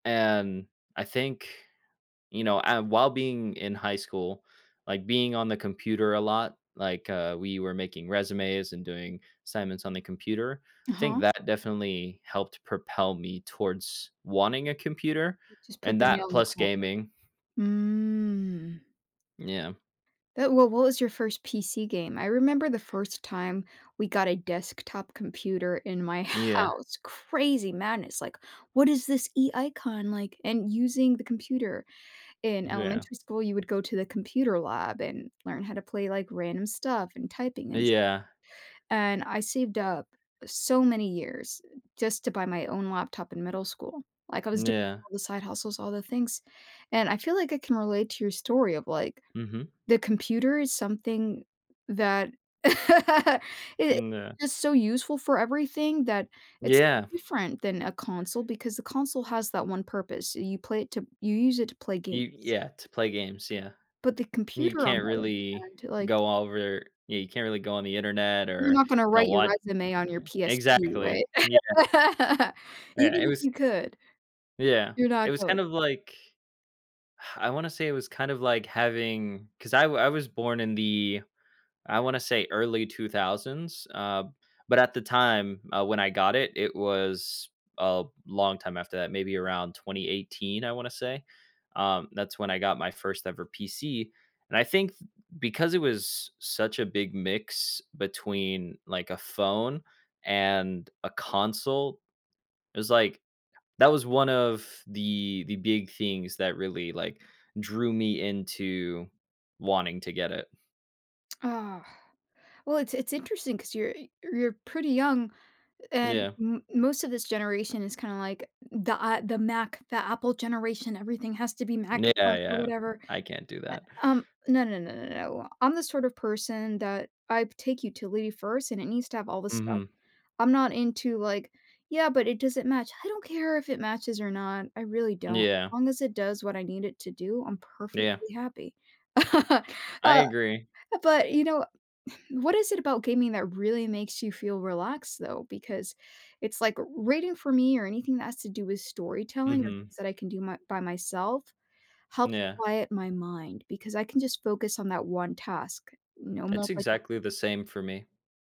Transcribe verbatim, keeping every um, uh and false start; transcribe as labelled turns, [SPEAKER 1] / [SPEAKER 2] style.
[SPEAKER 1] And I think, you know, and while being in high school, like, being on the computer a lot, like, uh, we were making resumes and doing assignments on the computer, think
[SPEAKER 2] Uh-huh.
[SPEAKER 1] that definitely helped propel me towards wanting a computer
[SPEAKER 2] W just put
[SPEAKER 1] and
[SPEAKER 2] the nail
[SPEAKER 1] that
[SPEAKER 2] in
[SPEAKER 1] plus
[SPEAKER 2] collar.
[SPEAKER 1] gaming.
[SPEAKER 2] Mm.
[SPEAKER 1] Yeah.
[SPEAKER 2] Th well what was your first PC game? I remember the first time we got a desktop computer in my
[SPEAKER 1] Yeah.
[SPEAKER 2] house, crazy madness, like, "What is this e icon," like and using the computer. In
[SPEAKER 1] Yeah.
[SPEAKER 2] elementary school, you would go to the computer lab and learn how to play, like, random stuff and typing and s
[SPEAKER 1] Yeah.
[SPEAKER 2] and I saved up so many years, uh, just to buy my own laptop in middle school. Like, I was doing
[SPEAKER 1] Yeah.
[SPEAKER 2] all the side hustles, all the things, and I feel like I can relate to your story of, like,
[SPEAKER 1] Mhm.
[SPEAKER 2] the computer is something that it
[SPEAKER 1] Mm, yeah.
[SPEAKER 2] is so useful for everything that it's so
[SPEAKER 1] Yeah.
[SPEAKER 2] different than a console because the console has that one purpose, you play it to you use it to play games.
[SPEAKER 1] E yeah, to play games, yeah.
[SPEAKER 2] But the
[SPEAKER 1] You
[SPEAKER 2] computer on
[SPEAKER 1] can't
[SPEAKER 2] the other
[SPEAKER 1] really
[SPEAKER 2] hand, like
[SPEAKER 1] go over Yeah, you can't really go on the Internet
[SPEAKER 2] You're
[SPEAKER 1] or,
[SPEAKER 2] not gonna
[SPEAKER 1] you know,
[SPEAKER 2] write your
[SPEAKER 1] what
[SPEAKER 2] resume on your
[SPEAKER 1] meh
[SPEAKER 2] PSP, right?
[SPEAKER 1] exactly, yeah. Yeah,
[SPEAKER 2] Even
[SPEAKER 1] it
[SPEAKER 2] if
[SPEAKER 1] was
[SPEAKER 2] you could,
[SPEAKER 1] yeah,
[SPEAKER 2] you're not
[SPEAKER 1] it was
[SPEAKER 2] going
[SPEAKER 1] kind of, like I wanna say it was kind of, like, having 'cause I w I was born in the I wanna say early two thousands, uh, but at the time when I got it, it was a long time after that, maybe around twenty eighteen, I wanna say, um, that's when I got my first ever PC, and I think because it was such a big mix between, like, a phone and a console, it was, like that was one of the the big things that really, like, drew me into wanting to get it.
[SPEAKER 2] Ugh. Well, it's it's interesting 'cause you're e you're pretty young and
[SPEAKER 1] Yeah.
[SPEAKER 2] m most of this generation is kinda, like, the, A the Mac the Apple generation. Everything has to be
[SPEAKER 1] Yeah,
[SPEAKER 2] Macintosh or
[SPEAKER 1] yeah.
[SPEAKER 2] whatever.
[SPEAKER 1] I can't do
[SPEAKER 2] Eh
[SPEAKER 1] that.
[SPEAKER 2] um, no, no, no, no, no I'm the sort of person that I'd take utility first and it needs to have all this stuff.
[SPEAKER 1] Mhm.
[SPEAKER 2] I'm not into, like, "Yeah, but it doesn't match." I don't care if it matches or not, I really don't. As
[SPEAKER 1] Yeah.
[SPEAKER 2] long as it does what I need it to do, I'm
[SPEAKER 1] Yeah.
[SPEAKER 2] perfectly happy. Uh
[SPEAKER 1] I
[SPEAKER 2] uh,
[SPEAKER 1] agree.
[SPEAKER 2] but, you know what is it about gaming that really makes you feel relaxed though? Because it's, like, reading for me or anything that has to do with storytelling or
[SPEAKER 1] Mhm.
[SPEAKER 2] things that I can do my by myself helps
[SPEAKER 1] Yeah.
[SPEAKER 2] quiet my mind, because I can just focus on that one task. No
[SPEAKER 1] It's exactly the
[SPEAKER 2] multitasking
[SPEAKER 1] same for me.